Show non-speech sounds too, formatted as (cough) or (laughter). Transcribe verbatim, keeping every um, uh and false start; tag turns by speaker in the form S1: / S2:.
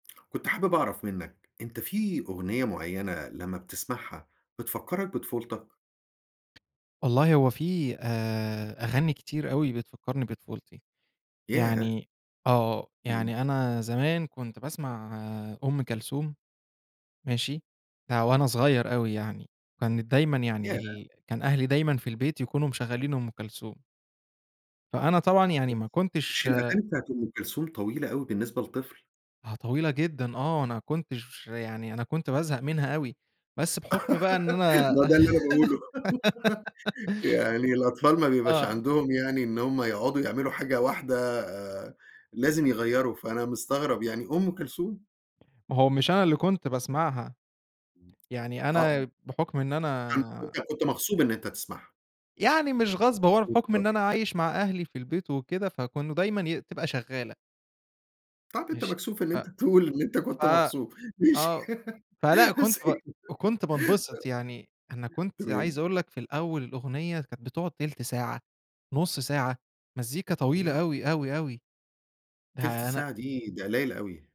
S1: كنت حابب اعرف منّك أنت في أغنية معيّنة لمّا بتسمعها بتفكّرك بطفولتك؟
S2: والله هو في آآ أغاني كتير أوي بتفكّرني بطفولتي.
S1: ياه!
S2: يعني آه،
S1: إمم.
S2: يعني أنا زمان كنت باسمع آآ أُم كَلثوم. ماشي؟ ده وأنا صغيّر أوي يعني، وكانت دايمًا يعني
S1: ياه!
S2: ال كان أهلي دايمًا في البيت يكونوا مشغّلين أُم كَلثوم. فأنا طبعًا
S1: yes.
S2: يعني ما كنتش
S1: مش الأغانى بتاعة أُم كَلثوم طويلة أوي بالنسبة لطفل؟
S2: آه، طويلة جدًا آه، أنا كنتش يعني أنا كنت بازهق منها أوي، بس بحُكم بقى إن
S1: (giggles)
S2: أنا
S1: ما هو ده اللي أنا باقوله.
S2: (giggles)
S1: (giggles) يعني الأطفال ما بيبقاش
S2: آه.
S1: عَندهم يعني إن هُم يقعدوا يعملوا حاجة واحدة آآ لازم يغيّروا، فأنا مستغرب يعني أُم كَلثوم!
S2: ما هو مش أنا اللي كنت باسمعها. يعني
S1: آه، إمم.
S2: أنا بحُكم إن
S1: فأنت
S2: أنا
S1: كنت كنت مغصوب إن أنت تسمعها.
S2: يعني مش غصب هو أنا بحُكم
S1: مضطر.
S2: إن أنا عايش مع أهلي في البيت وكده فكونوا دايمًا ي بتبقى شغّالة.
S1: طَب أنت
S2: ماشي،
S1: مكسوف إن
S2: ف
S1: أنت تقول إن أنت
S2: ف
S1: كنت مغصوب. ماشي،
S2: آه،
S1: (giggles)
S2: فلأ كنت
S1: بس
S2: ب
S1: كده
S2: وكنت بانبسط يعني، أنا
S1: ف
S2: كنت عايز
S1: تمام.
S2: أقول لك في الاول الأغنية كانت بتقعد تِلت ساعة، نُص ساعة مزّيكا طويلة
S1: لأ.
S2: أوي، أوي، أوي
S1: تِلت
S2: ده أنا
S1: ساعة دي، ده قليّل أوي.